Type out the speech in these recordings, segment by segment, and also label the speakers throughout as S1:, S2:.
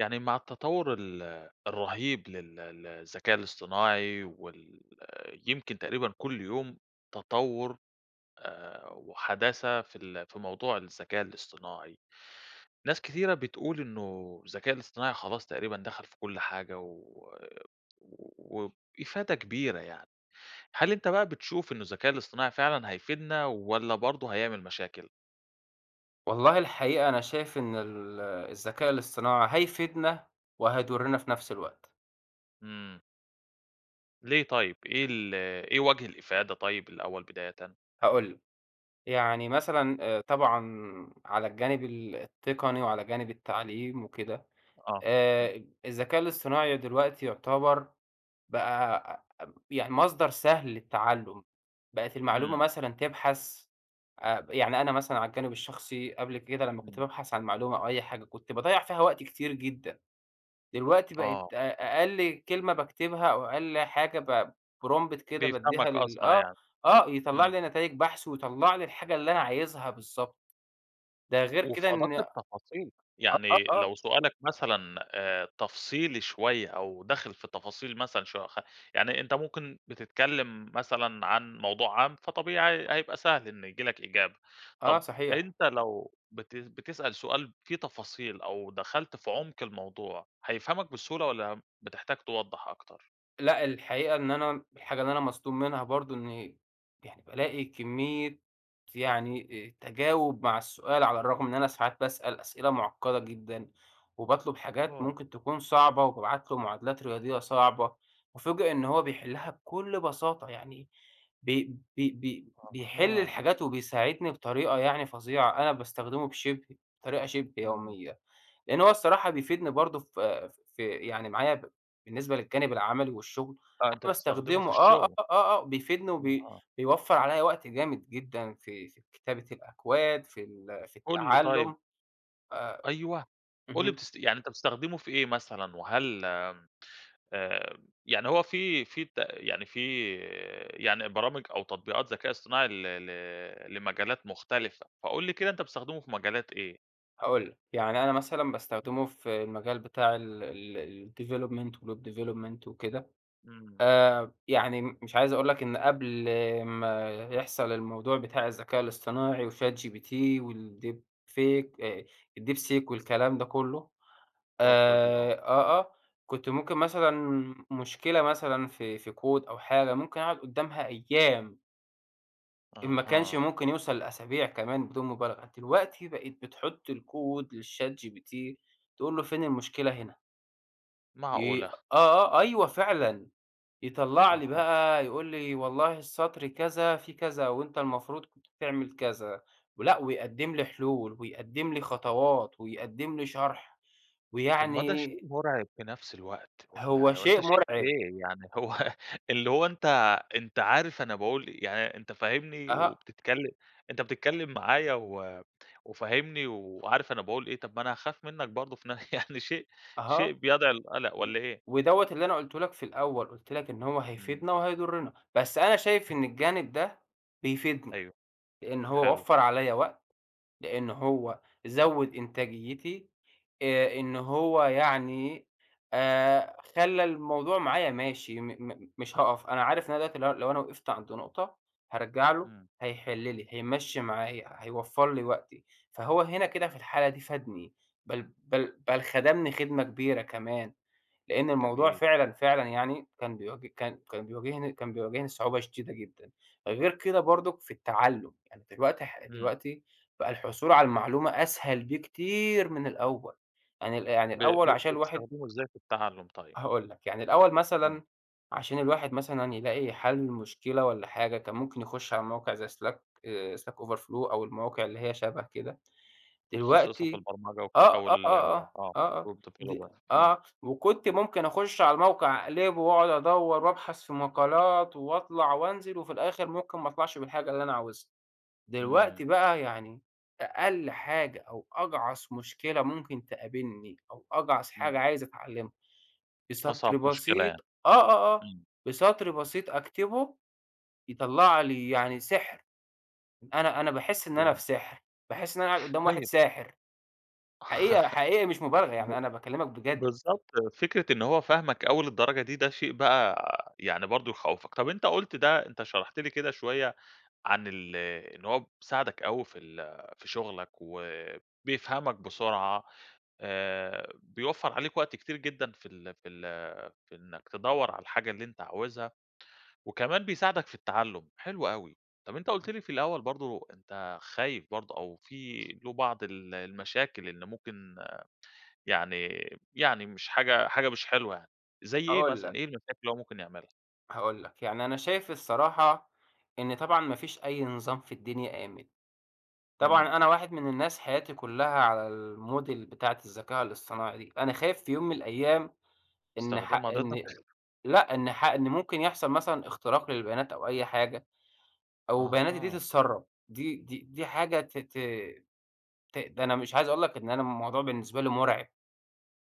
S1: يعني مع التطور ال الرهيب لل ل الذكاء الاصطناعي وال يمكن تقريبًا كُلّ يوم تطوُر آآ، وحداثة في ال في موضوع الذكاء الاصطناعي، ناس كتيرة بتقول إنه الذكاء الاصطناعي خلاص تقريبًا دخل في كُلّ حاجة و وبإفادة كبيرة يعني، هل أنت بقى بتشوف إنه الذكاء الاصطناعي فعلًا هيفيدنا والّا برضو هيعمل مشاكل؟
S2: والله الحقيقة أنا شايف إن ال الذكاء الإصطناعي هيفيدنا وهيضرّنا في نفْس الوقت.
S1: إمم. ليه طيب، إيه ال إيه وجه الإفادة طيب الأول بدايةً؟
S2: هاقول لك، يعني مثلًا آآ، طبعًا على الجانب ال التقني وعلى جانب التعليم وكده،
S1: آه، إمم.
S2: آآ، الذكاء الاصطناعي دلوقتي يعتبر بقى يعني مصدر سهل للتعلّم، بقِت المعلومة
S1: إمم.
S2: مثلًا تبحث، آآ، يعني أنا مثلًا على الجانب الشخصي قبل كده لمّا كنت
S1: إمم.
S2: بابحث عن معلومة أو أي حاجة كنت باضيّع فيها وقت كتير جدًا، دلوقتي بقيت
S1: آه.
S2: أ أقل كلمة باكتبها أو أقل حاجة p prompt كده
S1: بيفهَمك
S2: بادّيها لل
S1: أسرع
S2: آه،
S1: يعني،
S2: آه، يطلّع
S1: إمم.
S2: لي نتايج بحث ويطلّع لي الحاجة اللي أنا عايزها بالضبط، ده غير
S1: وفي
S2: كده
S1: أدق
S2: إن آه،
S1: التفاصيل،
S2: آه،
S1: يعني
S2: آه.
S1: لو سؤالك مثلًا آآ، تفصيلي شوية أو داخل في تفاصيل مثلًا شو خ يعني أنت ممكن بتتكلم مثلًا عن موضوع عام فطبيعي ه هيبقى سهل إن ييجي لك إجابة،
S2: آه
S1: طب
S2: صحيح.
S1: أنت لو بت بتسأل سؤال فيه تفاصيل أو دخلت في عُمق الموضوع، هيفهَمك بسهولة والّا بتحتاج توضّح أكتر؟
S2: لأ الحقيقة إن أنا، الحاجة اللي أنا مصدوم منها برضه، إني يعني بالاقي كمية، يعني أ تجاوُب مع السؤال على الرغم إن أنا ساعات باسأل أسئلة مُعقّدة جدًا، وباطلب حاجات
S1: آه.
S2: ممكن تكون صعبة وبابعت له معادلات رياضيّة صعبة، أُُفاجأ إن هو بيحلّها بكل بساطة، يعني بي بي بي بيحِلّ
S1: أها.
S2: الحاجات وبيساعدني بطريقة يعني فظيعة، أنا باستخدمه بشِبه بطريقة شِبه
S1: إمم.
S2: يوميّة، لأن هو الصراحة بيفيدني برضه ف في يعني معايا بالنسبة للجانب العمَلي والشغل
S1: آه،
S2: أنا
S1: أنت بتستخدمه في
S2: باستخدمه. آه، آه،
S1: الشغل.
S2: آه، آه بيفيدني وبي
S1: أها.
S2: بيوفّر عليَّ وقت جامد جدًا في في كتابة الأكواد في ال في
S1: قُل لي طيب
S2: التعلُّم. آآ
S1: أيوه. قُل لي
S2: اهم.
S1: بتست يعني أنت بتستخدمه في إيه مثلًا؟ وهل آآ، يعني هو في في بت يعني في يعني برامج أو تطبيقات ذكاء إصطناعي ل ل لمجالات مختلفة، فقُل لي كده أنت بتستخدمه في مجالات إيه؟
S2: هاقول لك. يعني أنا مثلًا باستخدمه في المجال بتاع ال ال الweb development، development وكده
S1: إمم.
S2: آآ، يعني مش عايز أقول لك إن قبل ما يحصَل الموضوع بتاع الذكاء الإصطناعي وchat gpt والdeepfake آآ الdeepseek والكلام ده كله.
S1: طفرة دي، آه.
S2: آآ، آه، آه، كنت ممكن مثلًا، مشكلة مثلًا في في كود أو حاجة ممكن أقعد قُدّامها أيّام. إن ما كانش
S1: أها.
S2: ممكن يوصل لأسابيع كمان بدون مبالغة، دلوقتي بقيت بتحط الكود لChatGPT تقول له: فين المشكلة هنا؟ ي
S1: معقولة!
S2: آه، آه، أيوه فعلًا، يطلّع لي
S1: أها.
S2: بقى يقول لي والله السطر كذا في كذا وأنت المفروض كنت تعمل كذا، ولأ، ويقدّم لي حلول ويقدّم لي خطوات ويقدم لي شرح،
S1: طب ما ده شيء
S2: ويعني
S1: مرعب في نفس الوقت،
S2: هو
S1: والّا
S2: شيء
S1: أنت شايف
S2: مرعب.
S1: إيه؟ يعني هو اللي هو أنت أنت عارف أنا باقول يعني أنت فاهمني
S2: أها.
S1: وبتتكلم، أنت بتتكلم معايا و وفاهمني وعارف أنا باقول إيه، طب ما أنا هاخاف منك برضو في ن يعني شيء،
S2: أها،
S1: شيء بيدعو للقلق
S2: و
S1: والّا إيه؟
S2: ودوّة اللي أنا قُلته لك في الأول، قُلت لك إن هو
S1: إمم.
S2: هيفيدنا وهيضرنا، بس أنا شايف إن الجانب ده بيفيدني،
S1: أيوه،
S2: لأن هو
S1: حلو.
S2: وفر عليَّا وقت، لأن هو زوّد إنتاجيتي، آآ، إن هو يعني آآ، خلّى الموضوع معايا ماشي، م م مش هاقف، أنا عارف لو أنا دلوقتي لو لو أنا وقفت عنده نقطة، هارجع له
S1: إمم.
S2: هيحل لي، هيمشّي معايا، هيوفّر لي وقتي، فهو هنا كده في الحالة دي فادني، بل بل بل خدمني خدمة كبيرة كمان، لأن الموضوع
S1: جميل.
S2: فعلًا فعلًا يعني كان بي كان كان بيواجهني كان بيواجهني صعوبة شديدة جدًا، غير كده برضو في التعلم، يعني دلوقتي ح
S1: إمم.
S2: دلوقتي بقى الحصول على المعلومة أسهل بكتير من الأول، يعني ال يعني
S1: ب
S2: الأول
S1: ب
S2: عشان الواحد
S1: بتستخدمه إزاي في التعلم طيب؟
S2: هاقول لك، يعني الأول
S1: امم.
S2: مثلًا عشان الواحد مثلًا يلاقي حل مشكلة والّا حاجة كان ممكن يخش على موقع زي slack، آآ، slack over flow أو المواقع اللي هي شبه كده،
S1: متخصصة في
S2: دلوقتي
S1: البرمجة وك
S2: آه،
S1: أو
S2: آه، آه،
S1: ال
S2: آه،
S1: آه،
S2: آه، آه
S1: web
S2: د
S1: developer امم.
S2: آه، وكنت ممكن أخش على الموقع أقلبه وأقعد أدوّر وابحث في مقالات واطلع وانزل، وفي الآخر ممكن ما اطلعش بالحاجة اللي أنا عاوزها، دلوقتي
S1: إمم.
S2: بقى يعني أقل حاجة أو أجعص مشكلة ممكن تقابلني، أو أجعص حاجة
S1: إمم.
S2: عايز اتعلمها، بسطر
S1: أصعب مشكلة
S2: بسيط
S1: يعني.
S2: آه، آه، آه،
S1: إمم.
S2: بسطر بسيط أكتبه يطلّع لي يعني سحر، أنا أنا باحس إن أنا
S1: ياه.
S2: في سحر، باحس إن أنا قدّام واحد
S1: طيب
S2: ساحر، حقيقة، حقيقي مش مبالغة
S1: ب
S2: يعني، أنا باكلمك بجد.
S1: بالضبط، فكرة إن هو فاهمك أوي للدرجة دي ده شيء بقى يعني برضو يخوّفك. طيب، أنت قُلت ده، أنت شرحت لي كده شوية عن ال إن هو بيساعدك أوي في ال في شغلك وبيفهمك بسرعة، آآ، بيوفّر عليك وقت كتير جدًا في ال في ال في إنك تدوّر على الحاجة اللي أنت عاوزها، وكمان بيساعدك في التعلم، حلو أوي. طب أنت قُلت لي في الأول برضو أنت خايف برضو أو في له بعض ال المشاكل إن ممكن يعني، يعني مش حاجة حاجة مش حلوة يعني، زي إيه
S2: هاقول
S1: مثلًا؟
S2: لك
S1: إيه المشاكل اللي هو ممكن يعملها؟
S2: هاقول لك، يعني أنا شايف الصراحة إن طبعًا ما فيش أي نظام في الدنيا آمن.
S1: إمم.
S2: طبعًا أنا واحد من الناس حياتي كلّها على الmodel بتاعة الذكاء الاصطناعي دي، أنا خايف في يوم من الأيام إن ح
S1: استخدمها ضدك؟
S2: إن لأ، إن ح إن ممكن يحصل مثلًا اختراق للبيانات أو أي حاجة، أو بياناتي دي
S1: أها.
S2: تتسرب. دي دي دي حاجة ت ت ت ده أنا مش عايز أقول لك إن أنا الموضوع بالنسبة لي مُرعب.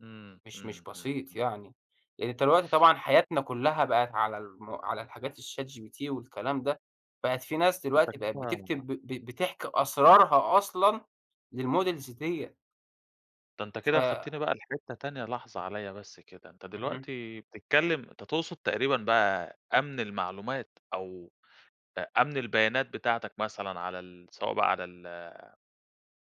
S1: إمم،
S2: مش مش
S1: إمم، إمم،
S2: بسيط
S1: إمم.
S2: يعني، يعني دلوقتي طبعًا حياتنا كلّها بقِت على الم على الحاجات الChatGPT والكلام ده، بقِت في ناس
S1: أنت
S2: دلوقتي بقِت
S1: كده
S2: بتكتب ب ب بتحكي أسرارها أصلًا للmodels ديّة.
S1: ده أنت
S2: ف
S1: كده خدتني بقى لحتة تانية لحظة عليَّ بس كده، أنت
S2: اهم.
S1: دلوقتي بتتكلم أنت تقصد تقريبًا بقى أمن المعلومات أو أ أمن البيانات بتاعتك مثلًا على ال سواء بقى على ال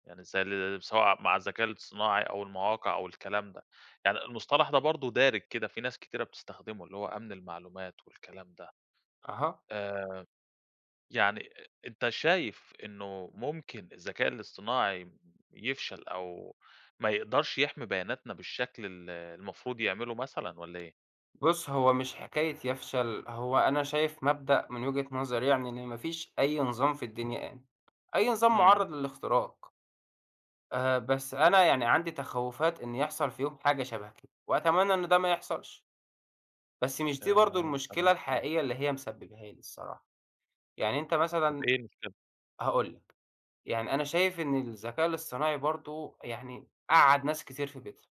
S1: يعني زي ال سواء مع الذكاء الاصطناعي أو المواقع أو الكلام ده، يعني المصطلح ده برضو دارج كده في ناس كتيرة بتستخدمه اللي هو أمن المعلومات والكلام ده.
S2: أها.
S1: آآ، يعني أنت شايف إنه ممكن الذكاء الاصطناعي يفشل أو ما يقدرش يحمي بياناتنا بالشكل ال المفروض يعمله مثلًا والّا إيه؟
S2: بُصّ، هو مش حكاية يفشل، هو أنا شايف مبدأ من وجهة نظري يعني إن ما فيش أي نظام في الدنيا آمن، أي نظام
S1: إمم.
S2: مُعرض للاختراق. آآ، بس أنا يعني عندي تخوّفات إن يحصل في يوم حاجة شبه كده، وأتمنى إن ده ما يحصلش. بس مش دي برضو
S1: آآ.
S2: المشكلة
S1: [unintelligible]
S2: الحقيقية اللي هي مسبباها لي الصراحة، يعني أنت
S1: طب
S2: مثلًا
S1: إيه المشكلة؟
S2: هاقول لك، يعني أنا شايف إن الذكاء الاصطناعي برضو يعني قعّد ناس كتير في بيتها.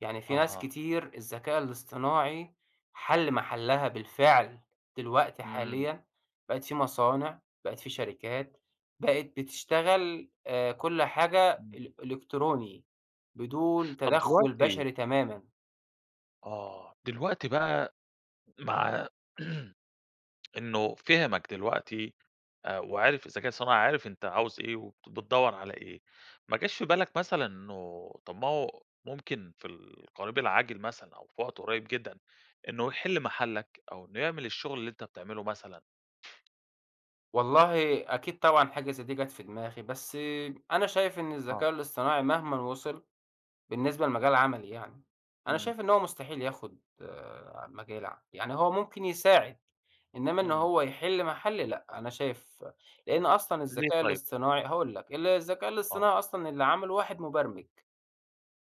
S2: يعني في ناس
S1: أها.
S2: كتير الذكاء الاصطناعي حل محلها بالفعل، دلوقتي
S1: امم.
S2: حاليًا بقِت في مصانع، بقِت في شركات بقِت بتشتغل، آآ، كُلّ حاجة
S1: امم.
S2: إل إلكتروني بدون
S1: طب
S2: تدخل
S1: دلوقتي
S2: بشري تمامًا.
S1: آه، دلوقتي بقى مع إنه فهمك دلوقتي آآ، وعرف الذكاء الصناعي عرف أنت عاوز إيه وت بتدور على إيه، ما جاش في بالك مثلًا إنه طب ما هو ممكن في القريب العاجل مثلًا، أو في وقت قريّب جدًا، إنه يحلّ محلّك أو إنه يعمل الشغل اللي أنت بتعمله مثلًا؟
S2: والله أكيد طبعًا حاجة زي دي جت في دماغي، بس أنا شايف إن
S1: آه.
S2: الذكاء الاصطناعي مهمًا وصل بالنسبة لمجال عملي يعني، أنا
S1: امم.
S2: شايف إن هو مستحيل ياخد مجالي يعني، هو ممكن يساعد، إنما إن
S1: امم.
S2: هو يحلّ محلي لأ، أنا شايف لأن أصلًا
S1: ليه
S2: الذكاء
S1: طيب؟
S2: الاصطناعي هاقول لك ال الذكاء
S1: آه.
S2: الاصطناعي أصلًا اللي عمله واحد مبرمج.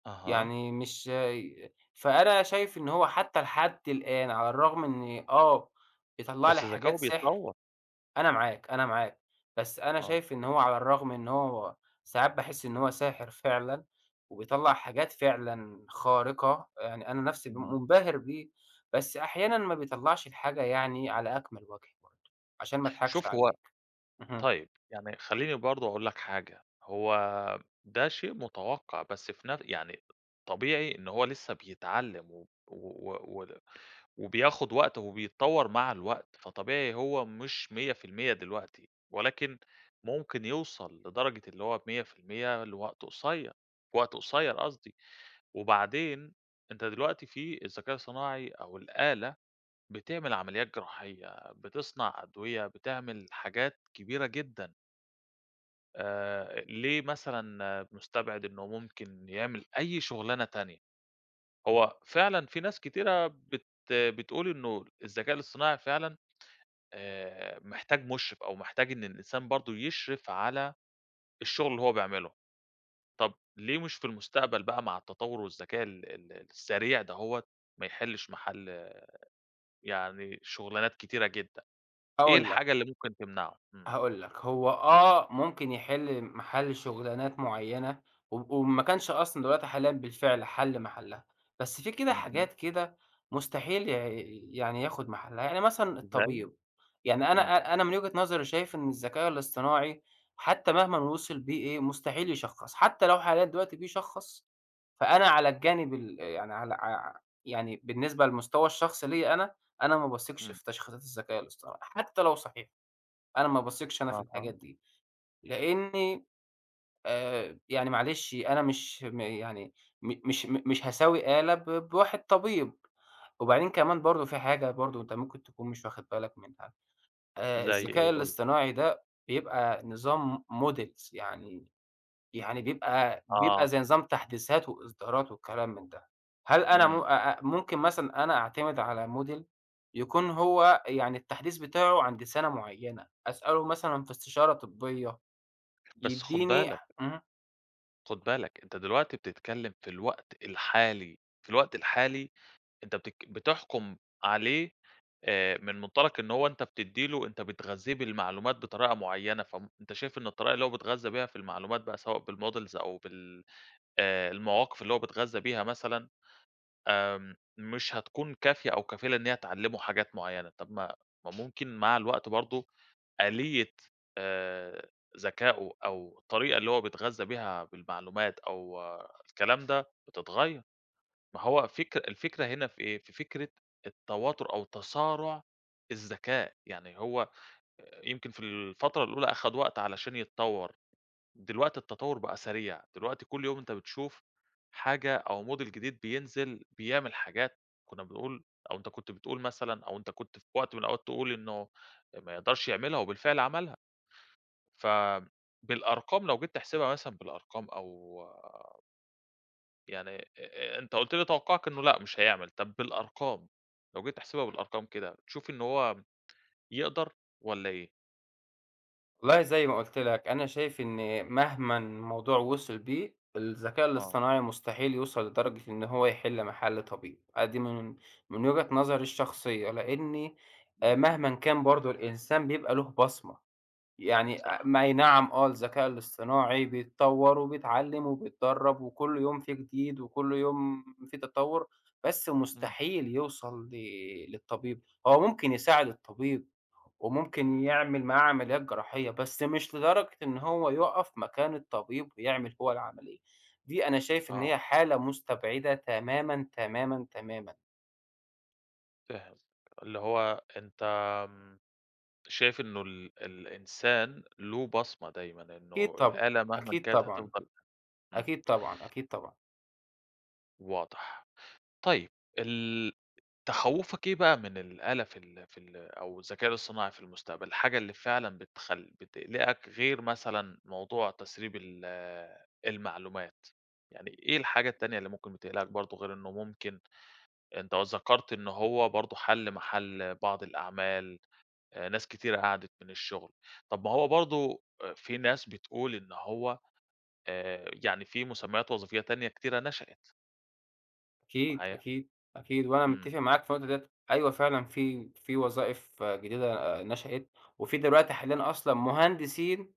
S1: أها.
S2: يعني مش ي فأنا شايف إن هو حتى لحد الآن على الرغم من إن آه بيطلّع لي
S1: بس ذكاؤه
S2: حاجات سحر،
S1: بيتطور.
S2: أنا معاك، أنا معاك، بس أنا
S1: آه.
S2: شايف إن هو على الرغم إن هو ساعات باحس إن هو ساحر فعلًا وبيطلّع حاجات فعلًا خارقة، يعني أنا نفسي م
S1: امم.
S2: منبهر بيه، بس أحيانًا ما بيطلّعش الحاجة يعني على أكمَل وجه برضو عشان ما اضحكش
S1: شوف هو
S2: عليك، اهم.
S1: طيب، يعني خليني برضو أقول لك حاجة، هو ده شيء متوقَّع، بس في نف يعني طبيعي إن هو لسه بيتعلم و و و و وبياخد وقته وبيتطور مع الوقت، فطبيعي هو مش 100% دلوقتي، ولكن ممكن يوصل لدرجة اللي هو 100% لوقت قصيّر، في وقت قصيّر قصدي، وبعدين أنت دلوقتي في الذكاء الصناعي أو الآلة بتعمل عمليات جراحية، بتصنع أدوية، بتعمل حاجات كبيرة جدًا. آآ، أ ليه مثلًا مستبعِد إنه ممكن يعمل أي شغلانة تانية؟ هو فعلًا في ناس كتيرة بت بتقول إنه الذكاء الاصطناعي فعلًا آآ، محتاج مُشرف أو محتاج إن الإنسان برضو يشرِف على الشغل اللي هو بيعمله، طب ليه مش في المستقبل بقى، مع التطور والذكاء ال ال السريع ده هو، ما يحلّش محَل يعني شغلانات كتيرة جدًا؟ إيه
S2: هاقول لك.
S1: الحاجة اللي ممكن تمنَعه؟ إمم.
S2: هاقول لك، هو آه ممكن يحِل محَل شغلانات مُعينة، و وإن ما كانش أصلًا دلوقتي حاليًا بالفعل حَل محلّها، بس في كده
S1: أها.
S2: حاجات كده مستحيل ي يعني ياخد محلَّها. يعني مثلًا
S1: زي؟
S2: الطبيب، يعني أنا
S1: امم.
S2: أ أنا من وجهة نظري شايف إن الذكاء الاصطناعي، حتى مهما وصَل بيه إيه، مستحيل يشخّص، حتى لو حاليًا دلوقتي بيشخّص، فأنا على الجانب ال يعني على ع يعني بالنسبة للمستوى الشخصي ليا، أنا أنا ما باثقش
S1: إمم.
S2: في تشخيصات الذكاء الاصطناعي، حتى لو صحيح، أنا ما باثقش أنا في الحاجات
S1: أها.
S2: دي، لأني آآ، يعني معلش، أنا مش م يعني م مش م مش هساوي آلة ب بواحد طبيب. وبعدين كمان برضه فيه حاجة برضه أنت ممكن تكون مش واخد بالك منها، آآ
S1: زي
S2: الذكاء
S1: إيه، قُل لي؟
S2: الاصطناعي ده، بيبقى نظام م models، يعني يعني بيبقى
S1: آه.
S2: بيبقى زي نظام تحديثات وإصدارات وكلام من ده، هل أنا م
S1: إمم.
S2: أ أ ممكن مثلًا أنا أعتمد على model يكون هو يعني التحديث بتاعه عند سنة معينة، أسألُه مثلًا في استشارة طبية،
S1: بس خُد
S2: يديني ح
S1: بالك
S2: آمم.
S1: خد بالَك، أنتَ دلوقتي بتتكلِّم في الوقت الحالي. في الوقت الحالي، أنت بتك بتحكم عليه آآ، من منطلق إن هو أنتَ بتدِّي له أنتَ بتغذِّيه بالمعلومات بطريقة معيَّنة. فم أنتَ شايف إن الطريقة اللي هو بيتغذى بيها في المعلومات، بقى سواء بالmodels أو بال آآ، المواقف اللي هو بيتغذَّى بيها مثلًا، آمم، مش هتكون كافية أو كافلة إن هي تعلِّمُه حاجات معيَّنة. طب ما ما ممكن مع الوقت برضو آلية آآ، ذكاؤه، أو الطريقة اللي هو بيتغذَّى بيها بالمعلومات، أو الكلام ده، بتتغيَّر. ما هو فكر الفكرة هنا في إيه، في فكرة التواتٌر أو تصارُع الذَّكاء. يعني هو آآ يمكن في الفترة الأولى أخد وقت علشان يتطوَّر، دلوقتي التَّطوُّر بقى سريع. دلوقتي كل يوم أنتَ بتشوف حاجة أو model جديد بينزِل، بيعمِل حاجات كنَّا بنقول، أو أنتَ كنت بتقول مثلًا، أو أنتَ كنت في وقت من الأوقات تقول إنه ما يقدرش يعملها، وبالفعل عملها. ف بالأرقام لو جيت تحسبها مثلًا، بالأرقام أو يعني آآ، أنتَ قُلت لي توقُّعَك إنه لأ مش هيعمل. طب بالأرقام، لو جيت تحسبها بالأرقام كده، بتشوف إنه هو يقدر والّا إيه؟
S2: والله زي ما قُلت لك أنا شايف إني مهمًا الموضوع وصل بيه، الذكاء
S1: آه.
S2: الاصطناعي مستحيل يوصل لدرجة إن هو يحل محل طبيب، آه دي من من وجهة نظري الشخصية، لإني
S1: اهم.
S2: مهما كان برضه الإنسان بيبقى له بصمة، يعني، آآ،
S1: صح.
S2: ما أي نعم آه الذكاء الاصطناعي بيتطور، وبيتعلم وبيتدرب وكل يوم في جديد، وكل يوم في تطور، بس
S1: إمم.
S2: مستحيل يوصل ل للطبيب، هو ممكن يساعد الطبيب وممكن يعمل معاه عمليات جراحية، بس مش لدرجة إن هو يقف مكان الطبيب ويعمل هو العملية، دي أنا شايف إن هي
S1: آه.
S2: حالة مُستبعدة تمامًا، تمامًا، تمامًا.
S1: فاهم، اللي هو أنت، آمم، شايف إنه ال الإنسان له بصمة دايمًا،
S2: أكيد
S1: إنه
S2: طبعًا،
S1: الآلة مهمًا
S2: أكيد
S1: كانت
S2: طبعًا،
S1: هتفّضل إمم.
S2: أكيد طبعًا، أكيد طبعًا.
S1: واضح. طيب، ال تخوفك إيه بقى من الآلة في ال في ال أو الذكاء الإصطناعي في المستقبل؟ الحاجة اللي فعلًا بتخل بتقلقك غير مثلًا موضوع تسريب ال المعلومات؟ يعني إيه الحاجة التانية اللي ممكن بتقلقك برضه غير إنه ممكن أنت ذكرت إنه هو برضه حل محل بعض الأعمال، ناس كتيرة قعدت من الشغل، طَب ما هو برضو في ناس بتقول إن هو، آآ، يعني في مسميات وظيفية تانية كتيرة نشأت.
S2: أكيد،
S1: معايا.
S2: أكيد، أكيد، وأنا
S1: امم.
S2: متفق معاك في اللي قلته ده. أيوه، فعلًا في في وظائف جديدة آآ، نشأت، وفي دلوقتي حاليًا أصلًا مهندسين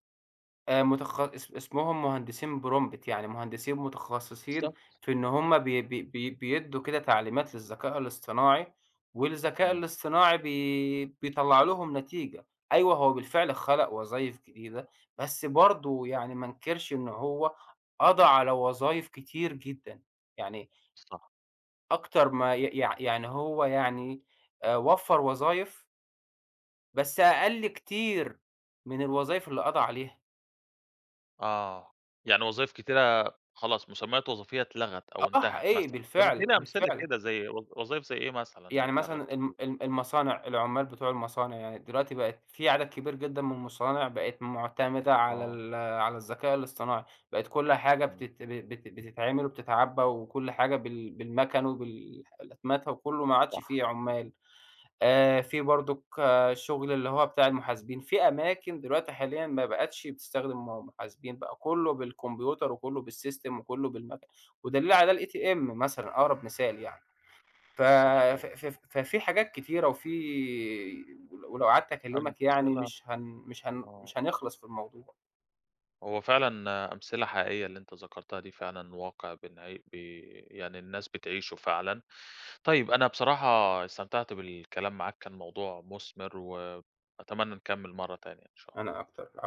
S2: آآ، متخ اس اسمهم مهندسين prompt، يعني مهندسين متخصصين
S1: بالضبط.
S2: في إن هم بي بي بي بيدوا كده تعليمات للذكاء الاصطناعي، والذكاء
S1: إمم.
S2: الاصطناعي بي بيطلع لهم نتيجة. أيوه، هو بالفعل خلق وظايف جديدة، بس برضو يعني ما انكرش إن هو قضى على وظايف كتير جدًا. يعني
S1: صح.
S2: أكتر ما ي يع يعني هو يعني آآ، وفر وظايف بس أقل كتير من الوظايف اللي قضى عليها.
S1: آه، يعني وظايف كتيرة خلاص، مسميات وظيفية اتلغت أو
S2: آه،
S1: انتهت
S2: حقيقي
S1: مثلًا. طب
S2: بالفعل،
S1: اديني أمثلة
S2: بالفعل.
S1: كده زي وظ وظايف زي إيه مثلًا اللي
S2: يعني
S1: اتلغت
S2: مثلًا ال
S1: كتير؟
S2: ال المصانع، العمال بتوع المصانع يعني دلوقتي بقت في عدد كبير جدًا من المصانع بقت معتمدة على
S1: آه.
S2: ال على الذكاء الاصطناعي، بقت كل حاجة
S1: إمم.
S2: بتت بت بتتعمل وبتتعبى وكل حاجة بال بالمكن وبالح وبالأتمتة وكله ما عادش
S1: صح.
S2: في عمال، آآ، في برضك شغل اللي هو بتاع المحاسبين في أماكن دلوقتي حاليًا ما بقتش بتستخدم م محاسبين، بقى كله بالكمبيوتر وكله بالسيستم وكله بالمكن ودليل على ده الATM مثلًا أقرب مثال يعني. ف ف
S1: صحيح.
S2: ف ففي حاجات كتيرة وفيه ولو قعدت أكلمك يعني
S1: أمثلة
S2: مش هن مش هن
S1: آه.
S2: مش هنخلص في الموضوع.
S1: هو فعلًا أمثلة حقيقية اللي أنت ذكرتها دي، فعلًا واقع بن بي يعني الناس بتعيشه فعلًا. طيب، أنا بصراحة استمتعت بالكلام معاك، كان الموضوع مثمر و أتمنى نكمل مرة تانية، إن شاء الله.
S2: أنا أكتر ع